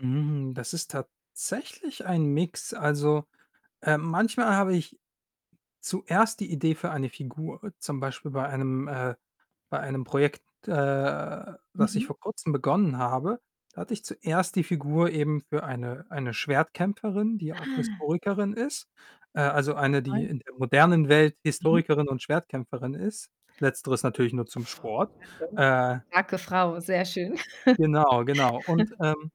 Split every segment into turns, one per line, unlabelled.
Hm, das ist tatsächlich ein Mix. Also, ähm, manchmal habe ich zuerst die Idee für eine Figur. Zum Beispiel bei einem äh bei einem Projekt, äh, das ich
Mhm.
vor Kurzem begonnen habe, hatte ich zuerst die Figur eben für eine eine Schwertkämpferin, die auch
Ah.
Historikerin ist, äh, also, eine, die
[unintelligible]
in der modernen Welt
Mhm.
Historikerin und Schwertkämpferin ist. Letzteres natürlich nur zum Sport.
[unintelligible] Starke
Äh
starke Frau, sehr schön.
genau, genau. Und, ähm,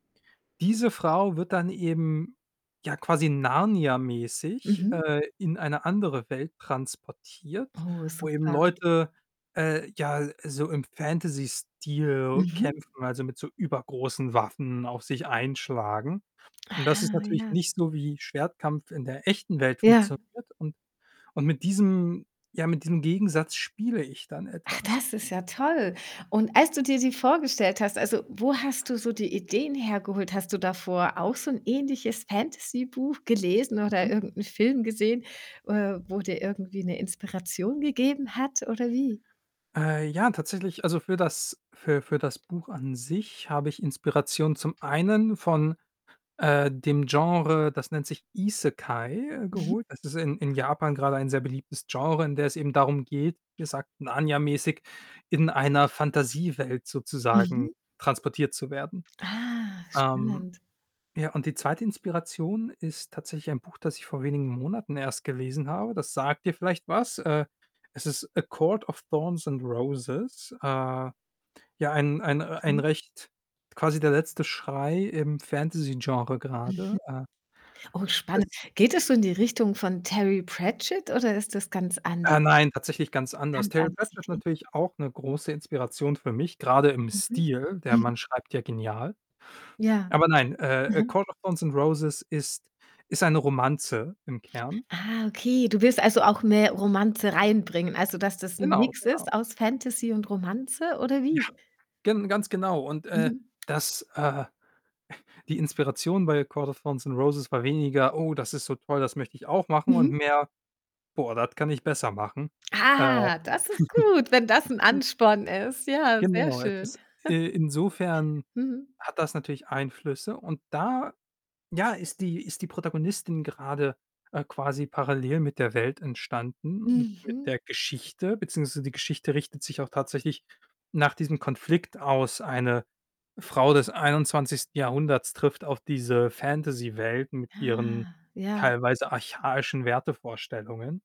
diese Frau wird dann eben, ja, quasi Narnia-mäßig,
Mhm.
äh, in eine andere Welt transportiert,
Oh,
wo eben
super.
Leute, äh, ja, äh, so im Fantasy-Stil
Mhm.
kämpfen, also, mit so übergroßen Waffen auf sich einschlagen. Und das ist
Aha,
natürlich
ja.
nicht so, wie Schwertkampf in der echten Welt
Ja.
funktioniert. Und und mit diesem ja, mit diesem Gegensatz spiele ich dann
Ach,
etwas.
das ist ja toll. Und als du dir die vorgestellt hast, also, wo hast du so die Ideen hergeholt? Hast du davor auch so 'n ähnliches Fantasy-Buch gelesen oder
Mhm.
irgend 'n Film gesehen, äh, wo dir irgendwie 'ne Inspiration gegeben hat, oder wie?
Äh, ja, tatsächlich, also, für das für für das Buch an sich habe ich Inspiration zum einen von, äh, dem Genre, das nennt sich Isekai,
Mhm.
geholt. Das ist in in Japan grade ein sehr beliebtes Genre, in der es eben darum geht, gesagt Narnia-mäßig, in einer Fantasiewelt sozusagen
Mhm.
transportiert zu werden.
Ah,
Ähm,
spannend.
ja, und die 2. Inspiration ist tatsächlich ein Buch, das ich vor wenigen Monaten erst gelesen habe. Das sagt dir vielleicht was. Äh, es ist „A Court of Thorns and Roses.“ Äh, ja, ein ein äh, ein
Mhm.
recht quasi der letzte Schrei im Fantasy-Genre
Mhm.
grade. Äh.
Oh, spannend.
Es
Geht das so in die Richtung von Terry Pratchett oder ist das ganz anders?
Äh, nein, tatsächlich ganz anders.
Ganz
Terry
anders,
Pratchett ist
okay.
natürlich auch 'ne große Inspiration für mich, grade im
Mhm,
Stil. Der
mhm.
Mann schreibt ja genial.
Ja,
Aber nein, äh, „A
mhm.
Court of Thorns and Roses“ ist ist eine Romanze im Kern.
Ah, okay, du willst, also, auch mehr Romanze reinbringen, also, dass das 'n
Genau,
Mix
genau.
ist aus Fantasy und Romanze ode
Ja.
wie?
gen ganz genau. Und, äh,
Mhm.
das, äh die Inspiration bei „A Court of Thorns and Roses“ war weniger: „Oh, das ist so toll, das möchte ich auch machen“ und
Mhm.
mehr: „boah, das kann ich besser machen.“ Äh.
Ah, das ist gut, wenn das 'n Ansporn ist. Ja, sehr
Genau es
schön.
ist, äh insofern
Mhm.
hat das natürlich Einflüsse und da, ja, ist die ist die Protagonistin grade, äh, quasi parallel mit der Welt entstanden und mit
Mhm.
der Geschichte beziehungsweise die Geschichte richtet sich auch tatsächlich nach diesem Konflikt aus. Eine Frau des 21. Jahrhunderts trifft auf diese Fantasy-Welt mit ihren
Ah, ja.
teilweise archaischen Wertevorstellungen.